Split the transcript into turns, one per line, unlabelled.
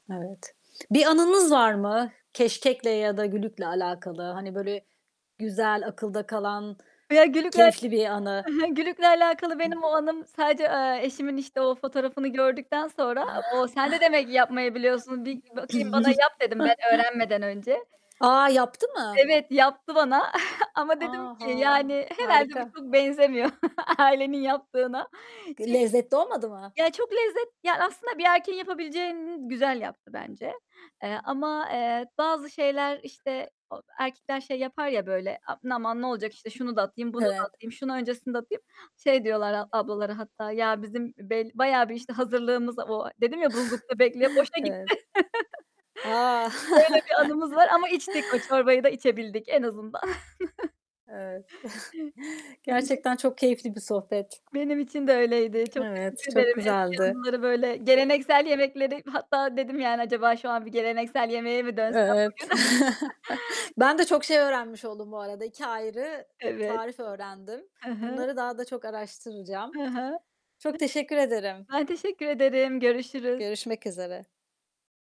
Evet. Bir anınız var mı, keşkekle ya da gülükle alakalı? Hani, böyle, güzel, akılda kalan,
Ya gülükle
keyifli bir
E
anı?
he. Gülükle alakalı benim o anım sadece, eee, eşimin işte o fotoğrafını gördükten sonra, o, sen de demek yapmayı biliyorsun bir bakayım bana yap dedim, ben öğrenmeden önce.
A, yaptı mı?
Evet, yaptı bana ama
A,
dedim ki
ha.
yani, herhâlde bu
Harika.
çok benzemiyor ailenin yaptığına.
G
Çünkü
lezzetli olmadı mı?
Ya çok lezzet yani aslında bir erkeğin yapabileceğini güzel yaptı bence, eee, ama, eee, bazı şeyler işte, o erkekler şey yapar ya böyle, "Aman, ne olacak işte şunu da atayım, bunu da
Evet.
atayım, şunu öncesinde atayım." Şey diyorlar a ablalara hatta "Ya bizim bel bayağı bir işte hazırlığımız vo" Dedim ya buzlukta bekliyor. Boşa gitti.
Evet. A! Evet. A!
Böyle bir anımız var ama içtik, o çorbayı da içebildik en azından.
Evet.
[unintelligible]
Gerçekten çok keyifli bir sohbet.
Benim için de öyleydi. Çok
Evet.
teşekkür
Çok
ederim eski
güzeldi.
anıları, böyle geleneksel yemekleri, hatta dedim "Yani, acaba şu an bir geleneksel yemeğe mi dönsem
Evet.
bugün?"
Ben de çok şey öğrenmiş oldum bu arada. 2 ayrı
Evet.
tarif öğrendim.
Hı hı.
Bunları daha da çok araştıracağım.
Hı hı.
Çok teşekkür ederim.
Ben teşekkür ederim. Görüşürüz.
Görüşmek üzere.